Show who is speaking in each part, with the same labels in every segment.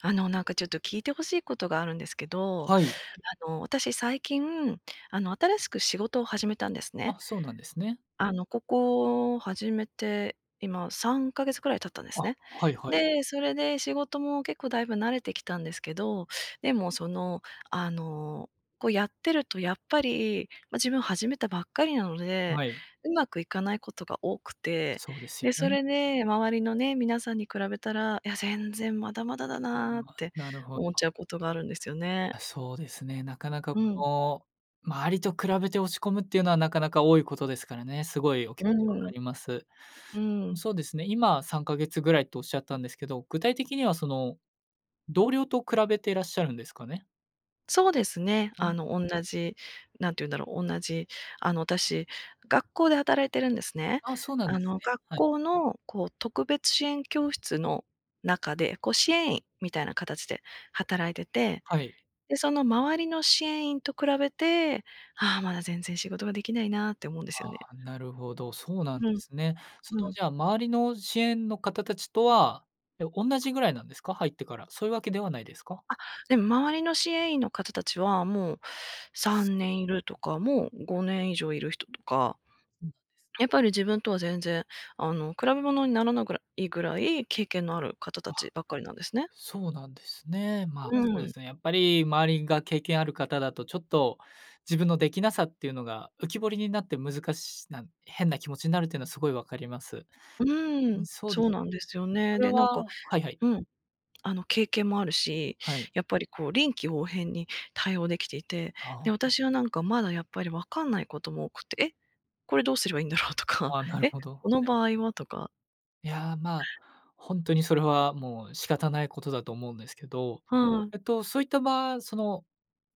Speaker 1: あの、なんかちょっと聞いてほしいことがあるんですけど、
Speaker 2: はい。
Speaker 1: あの、私最近、あの、新しく仕事を始めたんですね。
Speaker 2: あ、そうなんですね。
Speaker 1: あの、ここ、始めて、今3ヶ月くらい経ったんです
Speaker 2: あ、
Speaker 1: ね。
Speaker 2: はいはい。
Speaker 1: で、それで仕事も結構だいぶ慣れてきたんですけど、でも、その、あの、こう、やってるとやっぱり、ま、自分始めたばっかりなので、
Speaker 2: はい。
Speaker 1: うまくいかないことが多くて、
Speaker 2: そうですよ
Speaker 1: で、そ
Speaker 2: ね。
Speaker 1: れで周りのね、皆さんに比べたら、いや、全然まだまだだ
Speaker 2: うー
Speaker 1: な
Speaker 2: ん、
Speaker 1: っ
Speaker 2: わ、
Speaker 1: て
Speaker 2: なるほど。
Speaker 1: 思っちゃうことがあるんですよね。
Speaker 2: あ、そうですね、なかなか、
Speaker 1: うん。
Speaker 2: こう、周りと比べて落ち込むっていうのはなかなか多いことですからね。すごいお気持
Speaker 1: う
Speaker 2: ちわ
Speaker 1: ー
Speaker 2: か
Speaker 1: ん。
Speaker 2: ります。
Speaker 1: う
Speaker 2: うん、
Speaker 1: ん。
Speaker 2: そうですね、今、3ヶ月ぐらいとおっしゃったんですけど、具体的には、その、同僚と比べてらっしゃるんですかね？
Speaker 1: そうですね。
Speaker 2: うん。
Speaker 1: あの、おんなじ、なんていうんだろう、おんなじあの、私学校で働いてるんですね。
Speaker 2: ああ、そうなんで
Speaker 1: あ
Speaker 2: す
Speaker 1: の、
Speaker 2: ね、
Speaker 1: 学
Speaker 2: はい。
Speaker 1: 校のこう、特別支援教室の中で、こ、
Speaker 2: う
Speaker 1: う
Speaker 2: ん、は
Speaker 1: 支
Speaker 2: い。
Speaker 1: 援員みたいなかたちで働いてて、
Speaker 2: はい。
Speaker 1: で、その周りの支援員と比べて、ああ、まだ全然仕事ができないなって思うんです
Speaker 2: あ
Speaker 1: よね。
Speaker 2: あ、なるほど。そうなんで
Speaker 1: うん。
Speaker 2: すね。その、
Speaker 1: うん。
Speaker 2: じゃあ周りの支援の方達とは、え、おんなじぐらいなんですか？入ってから。そういうわけではないですか？
Speaker 1: あ、でも、周りの支援員の方達は、もう3年いるとか、もう5年以上いる人とか。
Speaker 2: うん。
Speaker 1: やっぱり自分とは全然、あの、比べ物にならなぐらいぐらい経験のある方
Speaker 2: あ。
Speaker 1: 達ばっかりなんですね。
Speaker 2: そうなんですね、まあ、
Speaker 1: う
Speaker 2: そうで
Speaker 1: ん。
Speaker 2: すね、やっぱり周りが経験ある方だと、ちょっと自分のできなさっていうのが浮き彫りになって、難しな変な気持ちになるっていうのはすごいわかります。
Speaker 1: うー
Speaker 2: うん、
Speaker 1: ん、
Speaker 2: そうで
Speaker 1: そうなんですよ
Speaker 2: そ
Speaker 1: ね。
Speaker 2: れ
Speaker 1: で、なんか
Speaker 2: ははいはい。
Speaker 1: うん、あの、経験もあるし、
Speaker 2: はい。
Speaker 1: やっぱり、こう、臨機応変に対応できていて、
Speaker 2: あ、は
Speaker 1: で、
Speaker 2: は。
Speaker 1: 私はなんかまだやっぱりわかんないことも多くて、「え、これどうすればいいんだろう」とか、
Speaker 2: ああ、なる
Speaker 1: 「え、
Speaker 2: ほど、
Speaker 1: この
Speaker 2: はい。
Speaker 1: 場合は」とか
Speaker 2: いや、まあ、ほんとにそれはもう、仕方ないことだと思うんですけど、
Speaker 1: はい。
Speaker 2: えっと、そういったばその、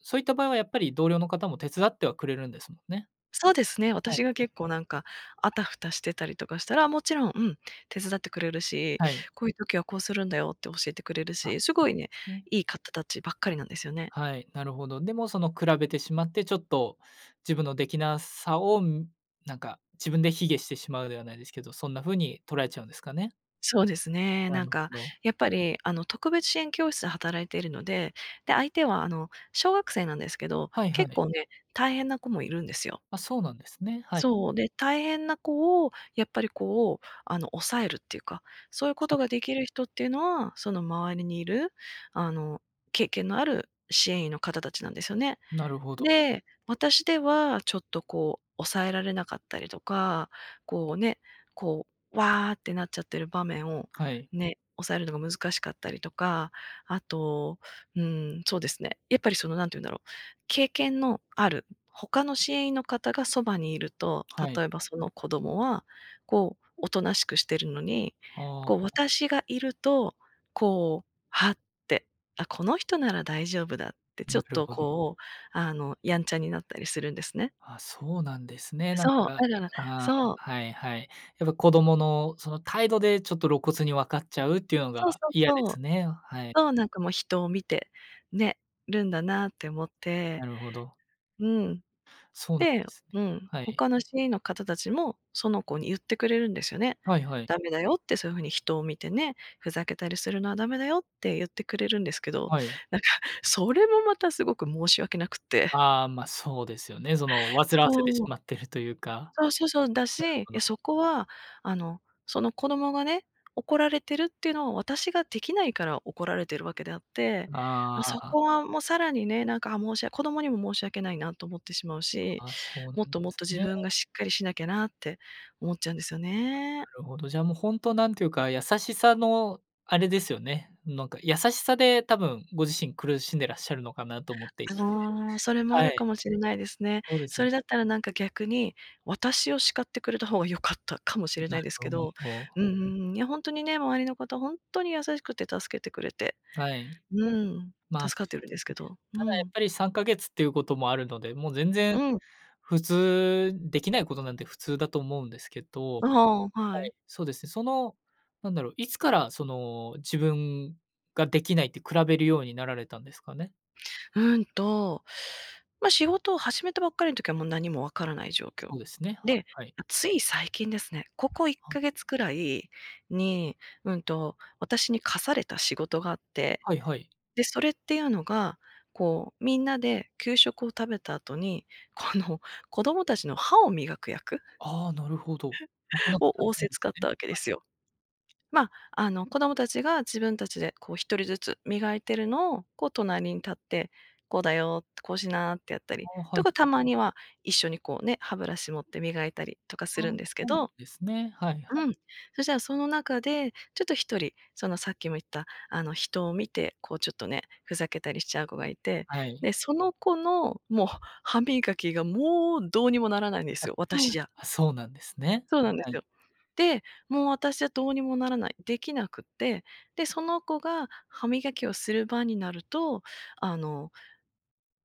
Speaker 2: そういった場合はやっぱり同僚の方も手伝ってはくれるんですもんね？
Speaker 1: そうですね、
Speaker 2: はい。
Speaker 1: 私が結構なんか、あたふたしてたりとかしたら、もちろん、うん、手伝ってくれるし、
Speaker 2: はい。
Speaker 1: 「こういう時はこうするんだよ」って教えてくれる
Speaker 2: あ、そ
Speaker 1: し、す
Speaker 2: う
Speaker 1: ご
Speaker 2: で
Speaker 1: いね、
Speaker 2: すね。
Speaker 1: いい方たちばっかりなんですよね。
Speaker 2: はい、なるほど。でもその、比べてしまってちょっと、自分のできなさをなんか、自分で卑下してしまうではないですけど、そんな風に捉えちゃうんですかね？
Speaker 1: そうですね。
Speaker 2: な
Speaker 1: なん
Speaker 2: るほ
Speaker 1: か、
Speaker 2: ど。
Speaker 1: やっぱりあの、特別支援教室で働いているので、で、相手はあの、小学生なんですけど、
Speaker 2: はいは
Speaker 1: 結
Speaker 2: い。
Speaker 1: 構ね、大変な子もいるんですよ。
Speaker 2: あ、そうなんですね、はい。
Speaker 1: そう、で、大変な子をやっぱりこう、あの、抑えるっていうか、そういうこ
Speaker 2: は
Speaker 1: と
Speaker 2: い。
Speaker 1: ができる人っていうのは、その周りにいる、あの、経験のある支援員の方たちなんですよね。
Speaker 2: なるほど。
Speaker 1: で、私ではちょっとこう抑えられなかったりとか、こうね、こう、わあってなっちゃってる場面を、
Speaker 2: はい。
Speaker 1: ね、抑えるのが難しかったりとか、あと、うーん、そうですね、やっぱりその何て言うんだろう、経験のある他の支援員の方がそばにいると、
Speaker 2: はい。
Speaker 1: 例えばその子供は、こうおとなしくしてるのに、
Speaker 2: あ
Speaker 1: こう
Speaker 2: あ。
Speaker 1: 私がいると、こう、はって、あ、この人なら大丈夫だって、ちょ
Speaker 2: な
Speaker 1: っ
Speaker 2: る
Speaker 1: と
Speaker 2: ほど。
Speaker 1: こう、あのやんちゃになったりするんですね。
Speaker 2: あ、そうなんですね。なん
Speaker 1: そう、
Speaker 2: か、
Speaker 1: だから、
Speaker 2: ああ、
Speaker 1: そう。
Speaker 2: はいはい。やっぱ子供のその態度でちょっと露骨にわかっちゃうっていうの
Speaker 1: そうそ
Speaker 2: が
Speaker 1: う
Speaker 2: 嫌で
Speaker 1: そ
Speaker 2: す
Speaker 1: う。
Speaker 2: ね。はい。
Speaker 1: そう、なんかもう人を見てね、るんだなって思って
Speaker 2: なるほど。
Speaker 1: うん。
Speaker 2: そうなん
Speaker 1: で
Speaker 2: ですね。
Speaker 1: うん、
Speaker 2: はい。
Speaker 1: 他の支援員の方たちも、その子に言ってくれるんですよね。
Speaker 2: はいはい。
Speaker 1: 「だめだよ」って、「そういう風に人を見てね、ふざけたりするのはだめだよ」って言ってくれるんですけど、
Speaker 2: はい。
Speaker 1: なんかそれもまたすごく申し訳なくって。
Speaker 2: ああ、ま、そうですよね。その、煩わせて
Speaker 1: そ
Speaker 2: し
Speaker 1: う。
Speaker 2: まってるというか。
Speaker 1: そうそうそう、だし、
Speaker 2: なる
Speaker 1: い
Speaker 2: ほ
Speaker 1: や、
Speaker 2: ど。
Speaker 1: そこはあの、その子どもがね、怒られてるっていうのは私ができないから怒られてるわけであって、
Speaker 2: あ
Speaker 1: あ、そ
Speaker 2: あ。
Speaker 1: こはもう、さらにね、なんか、ああ、申しわ子供にも申し訳ないなと思ってしまうし、
Speaker 2: あ、そうなん
Speaker 1: もっ
Speaker 2: で
Speaker 1: ともっ
Speaker 2: す
Speaker 1: と自
Speaker 2: ね。
Speaker 1: 分がしっかりしなきゃなって思っちゃうんですよ
Speaker 2: あ、
Speaker 1: ね。
Speaker 2: なるほど。じゃもうほんとなんていうか、優しさのあれですよね。なんか優しさで多分、ご自身苦しんでらっしゃるのかなと思っていて。
Speaker 1: ああ、それもあ
Speaker 2: は
Speaker 1: る
Speaker 2: い。
Speaker 1: かもしれないですね。
Speaker 2: そうですよ
Speaker 1: そ
Speaker 2: ね。
Speaker 1: れだったらなんか、逆に私を叱ってくれた方が良かったかも
Speaker 2: う
Speaker 1: し
Speaker 2: ん、
Speaker 1: れ
Speaker 2: な
Speaker 1: ない
Speaker 2: る
Speaker 1: です
Speaker 2: ほ
Speaker 1: けど、
Speaker 2: ど。
Speaker 1: うんうんうん、いやほんとにね、周りの方ほんとに優しくて助けてくれて。
Speaker 2: はい。
Speaker 1: うん、
Speaker 2: まあ、
Speaker 1: 助
Speaker 2: そ
Speaker 1: かって
Speaker 2: う
Speaker 1: るん
Speaker 2: で
Speaker 1: です
Speaker 2: す
Speaker 1: け
Speaker 2: ね。
Speaker 1: ど。う
Speaker 2: ただやっ
Speaker 1: ん。
Speaker 2: ぱり3ヶ月っていうこともあるので、もう全然、
Speaker 1: うん。
Speaker 2: 普通できないことなんて普通だと思うんですけど、
Speaker 1: ああ、は
Speaker 2: は
Speaker 1: い。
Speaker 2: い、そうですね。その、なんだろう、いつからその自分ができないって比べるようになられたんですかね？
Speaker 1: うーんと、まあ、仕事を始めたばっかりの時はもう何も分からない状況。
Speaker 2: そうですね。
Speaker 1: で、
Speaker 2: はいはい。
Speaker 1: つい最近ですね、ここいっ
Speaker 2: は
Speaker 1: かげつくらいに、うーんと、私に課された仕事があって、
Speaker 2: はいはい。
Speaker 1: で、それっていうのが、こう、みんなで給食を食べた後に、この子供達の歯を磨く役
Speaker 2: ああ、なるほど。なかな か
Speaker 1: を
Speaker 2: 大
Speaker 1: 仰
Speaker 2: 変
Speaker 1: せ
Speaker 2: で
Speaker 1: つかっ
Speaker 2: す
Speaker 1: た
Speaker 2: ね。
Speaker 1: わけで
Speaker 2: はい。
Speaker 1: すよ。まあ、あの子供たちが自分たちでこう1人ずつ磨いてるのを、こう隣に立って、「こうだよ」って、「こうしな」ってやった
Speaker 2: あ
Speaker 1: り、
Speaker 2: あ、は
Speaker 1: と
Speaker 2: い。
Speaker 1: かたまには、一緒にこうね、歯ブラシ持って磨いたりとかす
Speaker 2: ああ、
Speaker 1: るんですけ
Speaker 2: そうなん
Speaker 1: ど。
Speaker 2: ですね、はいは
Speaker 1: う
Speaker 2: い。
Speaker 1: ん、そしたらその中で、ちょっと1人、そのさっきも言ったあの人を見て、こうちょっとね、ふざけたりしちゃう子がいて、
Speaker 2: はい。
Speaker 1: で、その子のもう歯磨きがもう、どうにもならないんで
Speaker 2: あ、
Speaker 1: すよ、私じゃ。
Speaker 2: あ、そうなんですね。
Speaker 1: そうなんで
Speaker 2: は
Speaker 1: す
Speaker 2: い。
Speaker 1: よ。で、もう私はどうにもならない。できなくて、で、その子が歯磨きをする番になると、あの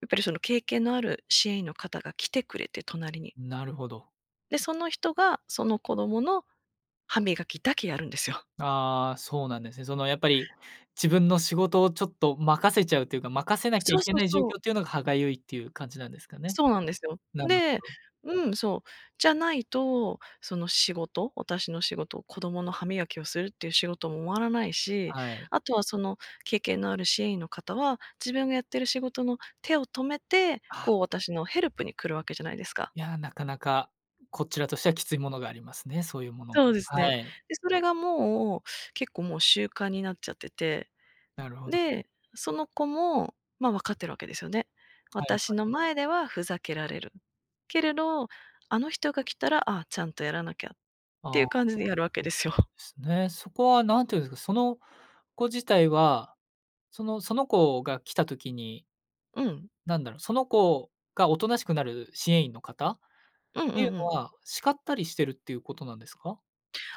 Speaker 1: やっぱりその経験のある支援員の方が来てくれて、隣に。
Speaker 2: なるほど。
Speaker 1: で、その人がその子供の歯磨きだけやるんですよ。
Speaker 2: ああ、そうなんですね。そのやっぱり自分の仕事をちょっと任せちゃうというか、任せなきゃ
Speaker 1: そ
Speaker 2: い
Speaker 1: う
Speaker 2: け
Speaker 1: そう
Speaker 2: ない状
Speaker 1: そう。
Speaker 2: 況っていうのが歯がゆいっていう感じなんですかね。
Speaker 1: そうなんですよ。
Speaker 2: なる
Speaker 1: で、
Speaker 2: ほど。
Speaker 1: うん、そう。じゃないとその仕事私の仕事、子供の歯磨きをするっていう仕事も終わらないし。
Speaker 2: はい。
Speaker 1: あとはその経験のある支援員の方は、自分がやっている仕事の手を止めて、
Speaker 2: あ
Speaker 1: こう
Speaker 2: あ。
Speaker 1: 私のヘルプに来るわけじゃないですか。
Speaker 2: いや、なかなか、こちらとしてはきついものがありますね。そういうもの。
Speaker 1: そうです
Speaker 2: は
Speaker 1: ね。
Speaker 2: い。
Speaker 1: で、それがもう結構もう習慣になっちゃってて。
Speaker 2: なるほど。
Speaker 1: で、その子も、ま、わかってるわけですよね。
Speaker 2: はいは
Speaker 1: 私
Speaker 2: い。
Speaker 1: の前ではふざけられる。けれど、あの人が来たら、ああちゃんとやらなきゃっ
Speaker 2: あ
Speaker 1: てい
Speaker 2: ああ
Speaker 1: う
Speaker 2: あ、
Speaker 1: 感じでやるわけ
Speaker 2: そう
Speaker 1: です
Speaker 2: なんで
Speaker 1: よ。
Speaker 2: すね。そこはなんていうんですか、その子自体は、そのその子が来た時に
Speaker 1: うん。
Speaker 2: なんだろう、その子がおとなしくなる支援員の方っ
Speaker 1: うんう
Speaker 2: ていう
Speaker 1: んう
Speaker 2: の
Speaker 1: ん。
Speaker 2: は叱ったりしてるっていうことなんですか？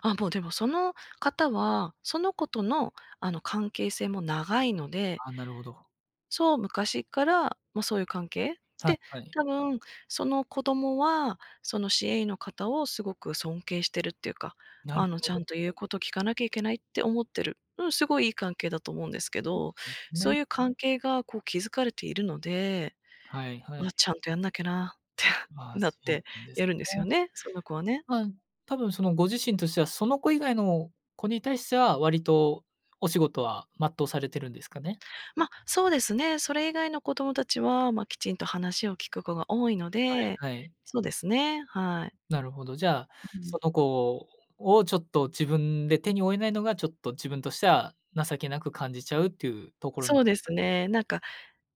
Speaker 1: あ、もうでもその方はその子との、あの関係性も長いので。
Speaker 2: あ、なるほど。
Speaker 1: そう、昔っから、ま、そういう関係
Speaker 2: はい
Speaker 1: で、
Speaker 2: はい。
Speaker 1: たぶんその子供はその支援員の方をすごく尊敬してるっていうか、
Speaker 2: なる
Speaker 1: あの
Speaker 2: ほ
Speaker 1: ちゃ
Speaker 2: ど。
Speaker 1: んと言うこと聞かなきゃいけないって思ってる。うん、すごいいい関係だと思うんですけ
Speaker 2: そ
Speaker 1: ど、
Speaker 2: うです
Speaker 1: そう
Speaker 2: ね。
Speaker 1: いう関係がこう築かれているので、
Speaker 2: はいは
Speaker 1: ま、
Speaker 2: い。
Speaker 1: ちゃんとやんなきゃなって
Speaker 2: あ、
Speaker 1: なっ
Speaker 2: そう
Speaker 1: て
Speaker 2: なんです
Speaker 1: やるんですよ
Speaker 2: ね。
Speaker 1: ね、その子はね。
Speaker 2: はん。多分そのご自身としては、その子以外の子に対しては、割とお仕事は全うされてるんですかね？
Speaker 1: ま、そうですね。それ以外の子どもたちは、ま、きちんと話を聞く子が多いの
Speaker 2: はい
Speaker 1: で、
Speaker 2: はい。
Speaker 1: そうですね、はい。
Speaker 2: なるほど。じゃあ、
Speaker 1: ううん。
Speaker 2: その子ををちょっと自分で手に負えないのが、ちょっと自分としては情けなく感じちゃうっていうところなん
Speaker 1: そ
Speaker 2: で
Speaker 1: うで
Speaker 2: すか
Speaker 1: す
Speaker 2: ね。
Speaker 1: ね、なんか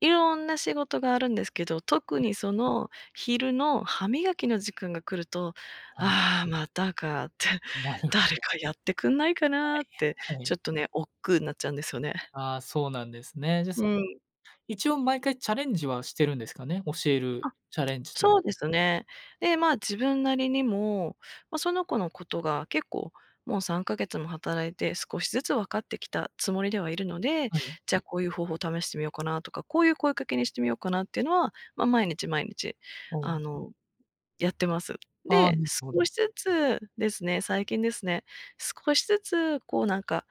Speaker 1: いろんな仕事があるんですけど、特
Speaker 2: はい。
Speaker 1: にその昼の歯磨きの時間が来ると、
Speaker 2: あん。
Speaker 1: 「ああ、またか」って、
Speaker 2: なるほ
Speaker 1: 「誰
Speaker 2: ど。
Speaker 1: かやってくんないかな」って、
Speaker 2: はいはい。
Speaker 1: ちょっとね、億劫なっちゃうんですよね。
Speaker 2: ああ、そうなんですね。じゃ、
Speaker 1: う
Speaker 2: その、
Speaker 1: ん。
Speaker 2: 一応毎回チャレンジはしてるんですかね。教える
Speaker 1: あ、
Speaker 2: チャレンジと
Speaker 1: そ
Speaker 2: う。
Speaker 1: うですね。で、ま、自分なりにも、ま、その子のことが結構、もう3ヶ月も働いて、少しずつ分かってきたつもりではいるので、
Speaker 2: はい。
Speaker 1: じゃあこういう方法を試してみようかなとか、こういう声かけにしてみようかなっていうのは、ま、毎日、毎日
Speaker 2: お
Speaker 1: あ
Speaker 2: お。
Speaker 1: の、やってます。
Speaker 2: ああ、
Speaker 1: で、
Speaker 2: なるほ
Speaker 1: 少
Speaker 2: ど。
Speaker 1: しずつですね、最近ですね、少しずつこうなんか、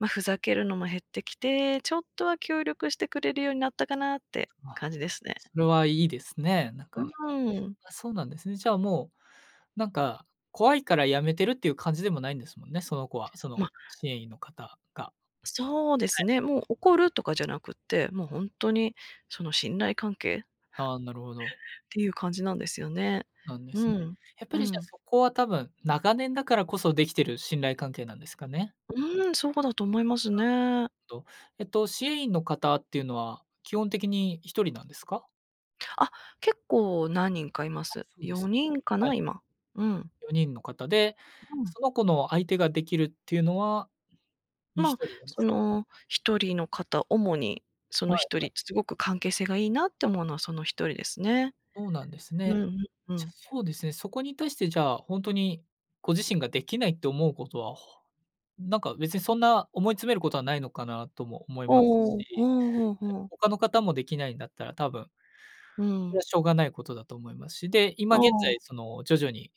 Speaker 1: ま、ふざけるのも減ってきて、ちょっとは協力してくれるようになったかなって
Speaker 2: あ、
Speaker 1: 感じですね。
Speaker 2: それはいいですね。な
Speaker 1: う
Speaker 2: かなか。
Speaker 1: ーん。
Speaker 2: あ、そうなんですね。じゃあもうなんか、怖いからやめてるっていう感じでもないんですもんね、その子はその
Speaker 1: ま。
Speaker 2: 支援員の方が。
Speaker 1: そうで
Speaker 2: は
Speaker 1: す
Speaker 2: い。
Speaker 1: ね、もう怒るとかじゃなくって、もう本当にその信頼関係
Speaker 2: ああ、なるほど。
Speaker 1: っていう感じなんですよね。
Speaker 2: なんで
Speaker 1: う
Speaker 2: すね。
Speaker 1: ん
Speaker 2: やっぱ
Speaker 1: う
Speaker 2: りじゃあ
Speaker 1: ん。
Speaker 2: そこは多分長年だからこそできてる信頼関係なんですかね。
Speaker 1: うーん、そうだと思います
Speaker 2: [unintelligible]
Speaker 1: ね。
Speaker 2: ど、えっと、支援員の方っていうのは基本的に1人なんですか？
Speaker 1: あ、結構何人かいま
Speaker 2: あ、
Speaker 1: す。
Speaker 2: そうで
Speaker 1: よ
Speaker 2: す。
Speaker 1: にんか
Speaker 2: はい。
Speaker 1: な、今。うん。
Speaker 2: 4人の方で、
Speaker 1: ううん。
Speaker 2: その子の相手ができるっていうのは、いひ
Speaker 1: ま、
Speaker 2: とりなんで
Speaker 1: そ
Speaker 2: すか？
Speaker 1: の一人の方、主にそ
Speaker 2: は
Speaker 1: の
Speaker 2: い
Speaker 1: 一
Speaker 2: はい。
Speaker 1: 人、すごく関係性がいいなって思うのはその一人ですね。
Speaker 2: そうなんです
Speaker 1: う
Speaker 2: ね。
Speaker 1: んうんう
Speaker 2: じゃ、
Speaker 1: ん。
Speaker 2: そうですね、そこに対してじゃあ、ほんとにご自身ができないって思うことは、ほなんか別にそんな思い詰めることはないのかなとも思います
Speaker 1: おお、ふ
Speaker 2: し、
Speaker 1: んふんふ
Speaker 2: [unintelligible]
Speaker 1: ん。
Speaker 2: 他の方もできないんだったら多分
Speaker 1: う
Speaker 2: それは
Speaker 1: ん。
Speaker 2: しょうがないことだと思いますし、で、今
Speaker 1: あ
Speaker 2: 現
Speaker 1: あ。
Speaker 2: 在その徐々に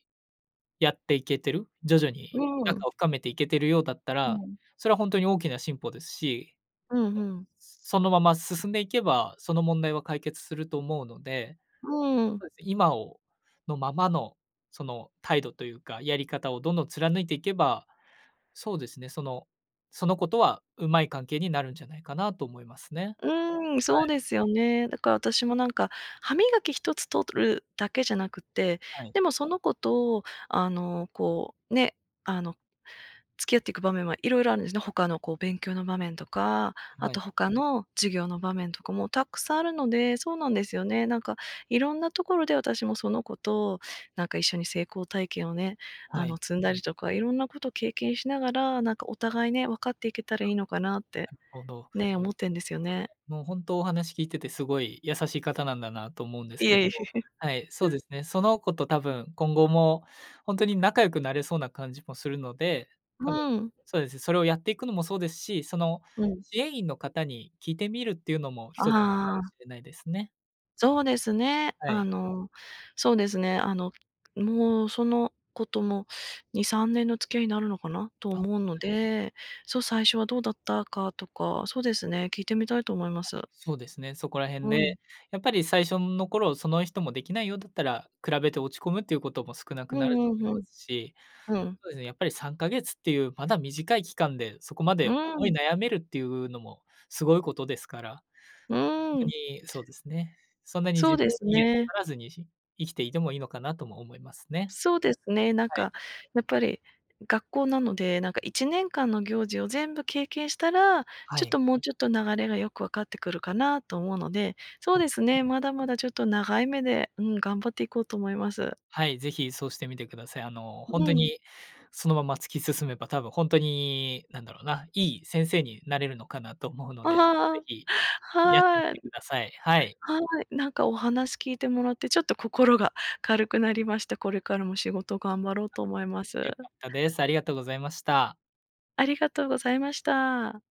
Speaker 2: やっていけてる、徐々
Speaker 1: う
Speaker 2: に
Speaker 1: んう
Speaker 2: 仲
Speaker 1: ん。
Speaker 2: を深めていけてるようだった
Speaker 1: う
Speaker 2: ら、
Speaker 1: ん。
Speaker 2: それはほんとに大きな進歩ですし
Speaker 1: うん、ふん。
Speaker 2: そのまま進んでいけば、その問題は解決すると思うので、
Speaker 1: うーん。
Speaker 2: そうです、今をのままの、その態度というか、やり方をどんどん貫いていけば、そうですねその、その子とはうまい関係になるんじゃないかなと思いますね、
Speaker 1: うーん、
Speaker 2: は
Speaker 1: そう
Speaker 2: い。
Speaker 1: ですよね。だから私もなんか、歯磨き一つ取るだけじゃなくて、
Speaker 2: はい。
Speaker 1: でもその子とあのこう、ね、あの付き合っていく場面はいろいろあんですね、他のこう勉強の場面とか、
Speaker 2: え
Speaker 1: あ
Speaker 2: は
Speaker 1: と
Speaker 2: い。
Speaker 1: 他の授業の場面とかもたくさんあるので、そうなんですよね。なんかいろんなところで私もその子となんか一緒に成功体験をね、あ
Speaker 2: はい。
Speaker 1: の積んだりとかいろんなこと経験しながら、なんかお互いね、わかっていけた
Speaker 2: あ、
Speaker 1: らいいのかなっ
Speaker 2: な
Speaker 1: て。
Speaker 2: るほど。
Speaker 1: ね、思ってんですよね。
Speaker 2: もうほんと、お話聞いててすごい優しい方なんだなと思うんです
Speaker 1: い
Speaker 2: けど、
Speaker 1: え。
Speaker 2: はい、そうですね。その子と多分今後もほんとに仲良くなれそうな感じもするので、多分、
Speaker 1: うん。
Speaker 2: そうです、それをやっていくのもそうですし、その
Speaker 1: うん。
Speaker 2: 支援員の方に聞いてみるっていうのも
Speaker 1: あ
Speaker 2: 一つかも
Speaker 1: あああ。
Speaker 2: しれないですね。
Speaker 1: そうですね。
Speaker 2: は
Speaker 1: あ
Speaker 2: い。
Speaker 1: の、そうですね、あの、もうその子とも、2、3年の付き合いになるのかなと
Speaker 2: あん、はい
Speaker 1: 思うの
Speaker 2: はい。
Speaker 1: で、そう、最初はどうだったかとか、そうですね、聞いてみたいと思いま
Speaker 2: あ、
Speaker 1: す。
Speaker 2: そうですね。そこらへん
Speaker 1: う
Speaker 2: ね、
Speaker 1: ん。
Speaker 2: やっぱり最初、ん、の頃その人もできないようだったら、比べて落ち込むということも少なく
Speaker 1: う
Speaker 2: なると
Speaker 1: んうん、
Speaker 2: 思い
Speaker 1: ふ
Speaker 2: ま
Speaker 1: ん。
Speaker 2: すし、
Speaker 1: うん。
Speaker 2: そうですね、やっぱり3ヶ月っていうまだ短い期間で、そこま
Speaker 1: う
Speaker 2: で
Speaker 1: ー
Speaker 2: 思い
Speaker 1: ん。
Speaker 2: 悩めるっていうのもすごいことですから。
Speaker 1: う
Speaker 2: ほんと
Speaker 1: ーん。
Speaker 2: にそうですね。そんなに自
Speaker 1: そうで
Speaker 2: 分、
Speaker 1: す
Speaker 2: 卑下な
Speaker 1: ね。
Speaker 2: さらずに、ひ生きていてもいいのかなとも思いますね。
Speaker 1: そうですね、なん
Speaker 2: はい。
Speaker 1: かやっぱり学校なので、なんか、1年間の行事を全部経験したら、
Speaker 2: は
Speaker 1: ちょっ
Speaker 2: い。
Speaker 1: ともうちょっと流れがよくわかってくるかなと思うので、そ
Speaker 2: そ
Speaker 1: う
Speaker 2: う、
Speaker 1: です
Speaker 2: ね。
Speaker 1: ね、まだまだちょっと長い目で、うん、頑張っていこうと思います。
Speaker 2: はい、ぜひそうしてみてください。あの、
Speaker 1: う
Speaker 2: ほんと
Speaker 1: うん。
Speaker 2: にそのまま突き進めば多分ほんとに、なんだろうな、いい先生になれるのかなと思うの
Speaker 1: あ
Speaker 2: で、
Speaker 1: は、
Speaker 2: ぜ
Speaker 1: あ
Speaker 2: ひやってみ
Speaker 1: あ、は
Speaker 2: て
Speaker 1: い。
Speaker 2: ください。はい。
Speaker 1: はい。なんかお話聞いてもらってちょっと心が軽くなりました。これからも仕事頑張ろうと思います。
Speaker 2: よかったです。ありがとうございました。
Speaker 1: ありがとうございました。